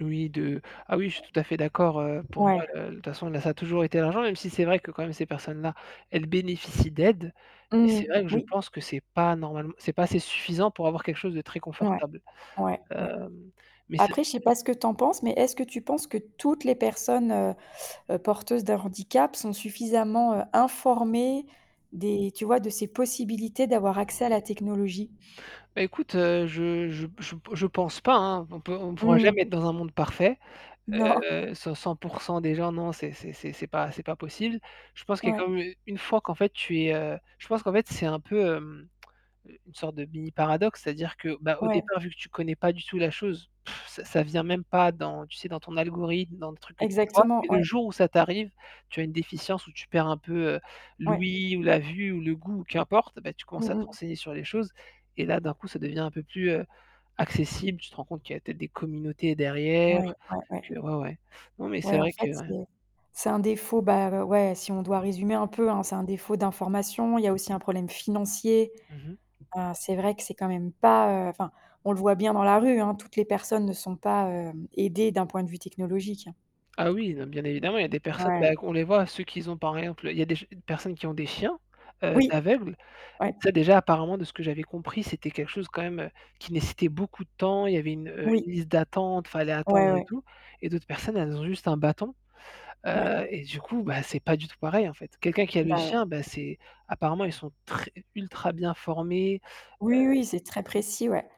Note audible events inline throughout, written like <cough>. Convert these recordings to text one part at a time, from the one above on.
Oui, de ah oui, je <unintelligible> suis tout à fait d'accord, heu, pour moi Ouais. la de toute façon, là, ça a toujours été l'argent, même si c'est vrai que quand même ces personnes là, elles bénéficient d'aides, mais Mmh c'est mh. vrai que je Oui. pense que c'est pas normalem c'est pas assez suffisant pour avoir quelque chose de très Ouais, confortable. ouais, ouais. Hem, mais c'est Après je sais pas ce que tu en penses, mais est-ce que tu penses que toutes les personnes heu heu porteuses d'un handicap sont suffisamment heu informées des tu vois de ces possibilités d'avoir accès à la technologie? Bah écoute, heu, je je p je p je pense pas hein, on peut on pourra Mmh mh. jamais être dans un monde parfait. Non. Heu cent cent pour cent des gens, non, c'est c'est c'est c'est pas c'est pas possible. Je pense qu'il y a Ouais. comme une fois qu'en fait tu es heu je pense qu'en fait c'est un peu hem, une sorte de mini paradoxe, c'est-à-dire que bah au Ouais. départ vu que tu connais pas du tout la chose, <blows air> ça ça vient même pas dans tu sais dans ton algorithme, dans le truc que tu vois, Exactement mais le ouais. jour où ça t'arrive, tu as une déficience où tu perds un peu heu, Ouais. l'ouïe ou la vue ou le goût ou qu'importe, bah tu Mmh commences à te mh. renseigner sur les choses et là d'un coup, ça devient un peu plus, heu, accessible, tu te rends compte qu'il y peut-être des communautés Ouais, derrière, ouais, que ouais. ouais, ouais. Non, mais c'est Ouais en vrai fait que ouais. c'est c'est un défaut bah o ouais si on doit résumer un peu, hein, c'est un défaut d'information, il y a aussi un problème financier. Mmh mh. Heu c'est vrai que c'est quand même pas, heu, enfin on le voit bien dans la rue hein, toutes les personnes ne sont pas, hem, aidées d'un point de vue technologique. Ah oui, non bien évidemment, il y a des personnes Ouais. bah on les voit, ceux qu'ils ont par exemple, y a des ge personnes qui ont des chiens, heu, Oui, d'aveugles. Tu ouais. sais déjà apparemment de ce que j'avais compris, c'était quelque chose quand même, heu, qui nécessitait beaucoup de temps. Il y avait une heu Oui. une liste d'attente, il fallait Ouais, attendre et ouais. tout et d'autres personnes, elles ont juste un bâton, Ouais. heu, et du coup, bah, c'est pas du tout pareil en fait. Quelqu'un qui a le Bah ouais. chien, bah c'est apparemment ils sont très ultra bien formés, Oui oui, c'est très heu mmh. précis ouais.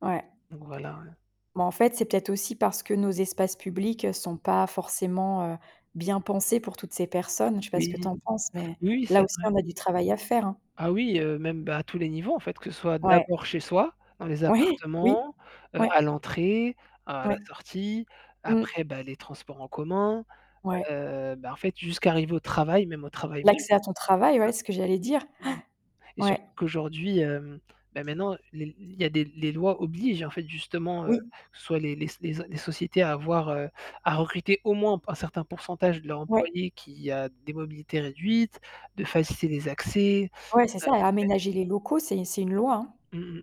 Ouais. Donc voilà, heu Mais en fait, c'est peut-être aussi parce que nos espaces publics, heu, sont pas forcément, heu, bien pensés pour toutes ces personnes. Je sais pas ce que Oui, tu en penses, mais, oui, oui, c'est là aussi vrai. on a du travail à faire hein. Ah oui heu, même bah à tous les niveaux en fait, que ce soit Ouais. d'abord chez soi, dans les Ouais, oui, appartements, heu ouais. à l'entrée, à la Ouais, sortie, mmh. après bah les transports en commun, Ouais. heu, bah en fait, jusqu'à arriver au travail, même au travail même. L'accès à <unintelligible> ton travail ouais, c'est ce que j'allais dire, Mmh. <gasps> Et ouais. surtout qu'aujourd'hui hem, bah maintenant l il y a des l les lois obligent en fait justement heu, Oui. soit les les s les s les sociétés à avoir heu, à recruter au moins un p un certain pourcentage de leurs Ouais. employés qui a des mobilités réduites, de faciliter les accès. Ouais, c'est Heu ça et ouais. aménager les locaux, c'est c'est une loi hein. Mmh mh.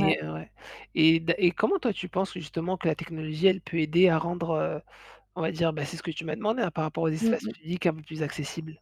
Ouais. ouais et d'a et comment toi tu penses justement que la technologie, elle peut aider à rendre, heu, on va dire, bah c'est ce que tu m'as demandé par rapport aux Mmh espaces mh. publics un peu plus accessibles?